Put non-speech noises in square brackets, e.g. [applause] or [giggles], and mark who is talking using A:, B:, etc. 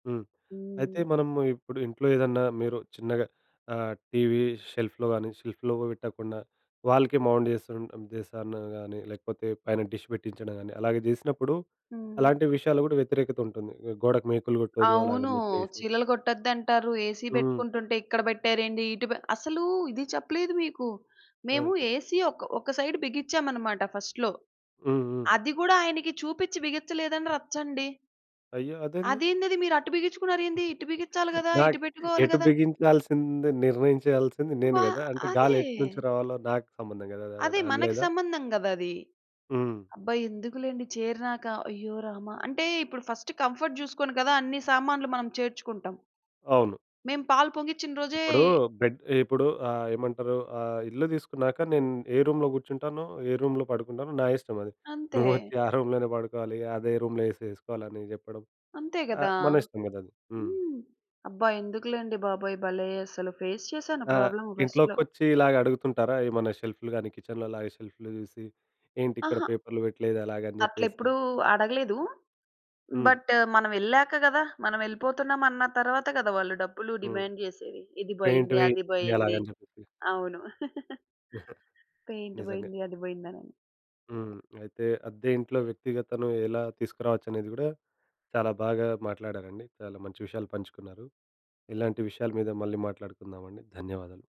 A: హ్మ్. అయితే
B: హ్మ్.
A: మనము ఇప్పుడు ఇంట్లో ఏదన్నా మీరు చిన్నగా ఆహ్, టీవీ షెల్ఫ్‌లో కాని, షెల్ఫ్‌లో కుడా పెట్టకుండా వాల్‌కే మౌంట్ చేసుంటే ఉద్దెశం కానీ, లేకపోతే పైన డిష్ పెట్టించడం కానీ, అలాగ చేసినప్పుడు.
B: హ్మ్.
A: అలాంటి విషయాల్లో కూడా వ్యతిరేకతుంటుంది. గోడకి మేకులు కొట్టదు
B: అవును.
A: అలాగని చెప్పేసి.
B: చీలలు కొట్టొద్దంటారు. ఏసీ
A: హ్మ్.
B: పెట్టుకుంటుంటే, ఇక్కడ పెట్టారేంటి? ఇటు పె అసలూ! ఇది చెప్పలేదు మీకు! మేము
A: ఆ!
B: ఏసీ ఒక్ ఒక సైడ్ బిగించామన్నమాట, ఫస్ట్‌లో.
A: హుహు.
B: అది కూడా ఆయనకి చూపించి బిగించలేదని రచ్చండి!
A: అయ్యో! అదేంది?
B: అదేందది మీరటు బిగించుకున్నారేంది. ఇటు
A: [chuckles]
B: బిగించాలి కదా. ఇటు
A: నాకు
B: పెట్టుకోవాలి
A: ఎటు
B: కదా?
A: బిగించాల్సింది, నిర్ణయించాల్సింది నేను
B: వా
A: కదా? అంటే, గాలి
B: అదే.
A: ఎటు నుంచి రావాలో నాకు సంబంధం కదా
B: అది
A: అదదని
B: మనకి
A: అనలేదా?
B: సంబంధం కదా అది.
A: హ్మ్.
B: అబ్బా! ఎందుకులెండి చేరినాక! అయ్యో రామా! అంటే, ఇప్పుడు ఫస్ట్ కంఫర్ట్ చూసుకొని కదా అన్ని సామాన్లు మనం చేర్చుకుంటాం.
A: అవును.
B: మేము పాలు పొంగించిన రోజే
A: ఇప్పుడు బెడ్ ఇప్పుడూ ఆహ్, ఏమంటారు, ఆ ఇల్లు తీసుకున్నాక నేను ఏ రూమ్‌లో కూర్చుంటానో, ఏ రూమ్‌లో పడుకుంటానో నా ఇష్టమది.
B: అంతే.
A: నువ్వొచ్చి ఆ రూమ్‌లోనే పడుకోవాలి, అదే రూమ్‌లో ఏసి ఏసుకోవాలని చెప్పడం.
B: అంతే కదా.
A: ఆహ్, మనిష్టం కదా అది? హ్మ్.
B: హ్మ్. అబ్బా! ఎందుకులెండి బాబోయ్! భలే అసలు! ఫేస్ చేసాను
A: ఆ!
B: ప్రాబ్లమ్ ఫస్ట్‌లో!
A: ఇంట్లోకొచ్చి ఇలాగడుగుతుంటారా ఏమన్నా షెల్ఫ్‌‌లు గాని, కిచెన్‌లోలాగ షెల్ఫ్‌లు చూసి ఏంటిక్కడ
B: అహా!
A: పేపర్‌లు పెట్టలేదలాగని చెప్పేసి?
B: అట్ళెప్పుడు అడగలేదు.
A: హ్మ్.
B: బట్, మనమెళ్ళాక కదా. మనం యేళ్ళిపోతున్నామన్న తరువాత కదా, వాళ్ళు డబ్బులు
A: హ్మ్.
B: డిమాండ్ చేసేది. ఇది
A: పెయింట్
B: పోయింది.
A: వెయ్యి,
B: అది పోయింది.
A: వెయ్యాలని చెప్పేసి.
B: అవును. [giggles]
A: [giggles]
B: పెయింట్
A: నిజంగా.
B: పోయింది. అది పోయింది అని.
A: హ్మ్. అయితే, అద్దె ఇంట్లో వ్యక్తిగతను ఎలా తీసుకురావచ్చనేది కూడా, చాలా బాగా మాట్లాడారండి. చాలా మంచి విషయాలు పంచుకున్నారు. ఇలాంటి విషయాల మీద మళ్ళీ మాట్లాడుకుందామండి. ధన్యవాదాలు.